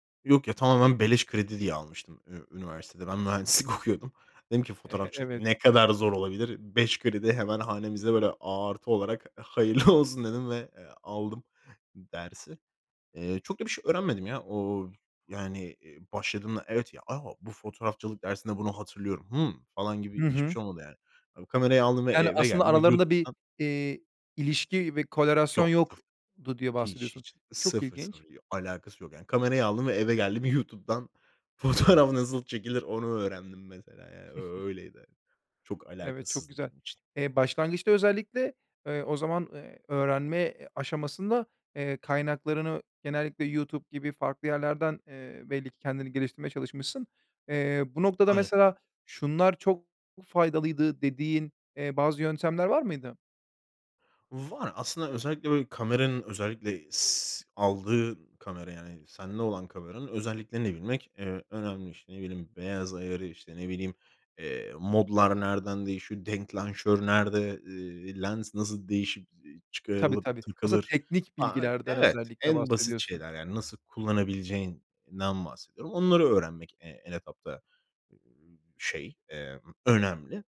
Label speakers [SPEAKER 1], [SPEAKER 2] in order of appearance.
[SPEAKER 1] Yok ya, tamamen beleş kredi diye almıştım ü üniversitede. Ben mühendislik okuyordum. Dedim ki
[SPEAKER 2] Eh,
[SPEAKER 1] fotoğrafçılık
[SPEAKER 2] evet.
[SPEAKER 1] ne kadar zor olabilir. 5 kredi hemen hanemizde, böyle, artı olarak hayırlı olsun dedim ve, eee, aldım dersi. Eee, çok da bir şey öğrenmedim, ya. O, yani, başladığımda evet, ya, a, bu fotoğrafçılık dersinde bunu hatırlıyorum. Hımm, falan
[SPEAKER 2] Hı
[SPEAKER 1] gibi hiçbir
[SPEAKER 2] hı.
[SPEAKER 1] şey olmadı yani. Kamerayı aldım ve
[SPEAKER 2] Yani,
[SPEAKER 1] eve
[SPEAKER 2] aslında
[SPEAKER 1] geldim.
[SPEAKER 2] aralarında bir,
[SPEAKER 1] YouTube'dan
[SPEAKER 2] iii, ilişki, bir korelasyon
[SPEAKER 1] Çok. [unintelligible]
[SPEAKER 2] yoktu diye
[SPEAKER 1] Hiç,
[SPEAKER 2] bahsediyorsun.
[SPEAKER 1] hiç.
[SPEAKER 2] Çok
[SPEAKER 1] Sıfır, sıfır.
[SPEAKER 2] ilginç.
[SPEAKER 1] Bir alakası yok, yani. Kamerayı aldım ve eve geldim. YouTube'dan fotoğraf nasıl çekilir onu öğrendim, mesela, yani. Ö öyleydi. Çok
[SPEAKER 2] Evet çok
[SPEAKER 1] alakasızdı
[SPEAKER 2] güzel.
[SPEAKER 1] benim için.
[SPEAKER 2] Eee, başlangıçta özellikle, eee, o zaman, eee, öğrenme aşamasında kaynaklarını genellikle YouTube gibi farklı yerlerden, eee, belli ki kendini geliştirmeye çalışmışsın. Eee, bu noktada
[SPEAKER 1] Aynen.
[SPEAKER 2] mesela şunlar çok faydalıydı dediğin, eee, bazı yöntemler var mıydı?
[SPEAKER 1] Var. Aslında özellikle, böyle, kameranın, özellikle s s s aldığın kamera, yani sende olan kameranın özelliklerini bilmek, eee, önemli. İşte, ne bileyim, beyaz ayarı, işte, ne bileyim, eee, modlar nereden değişir? denklanşör nerede? Eee, lens nasıl değişip,
[SPEAKER 2] Tabii,
[SPEAKER 1] çıkarılıp,
[SPEAKER 2] tabii. Aslında
[SPEAKER 1] takılır?
[SPEAKER 2] teknik
[SPEAKER 1] Aaa,
[SPEAKER 2] bilgilerden
[SPEAKER 1] evet,
[SPEAKER 2] özellikle
[SPEAKER 1] en basit
[SPEAKER 2] bahsediyorsun.
[SPEAKER 1] şeyler, yani. Nasıl kullanabileceğinden bahsediyorum. Onları öğrenmek en etapta, şey, eee, önemli.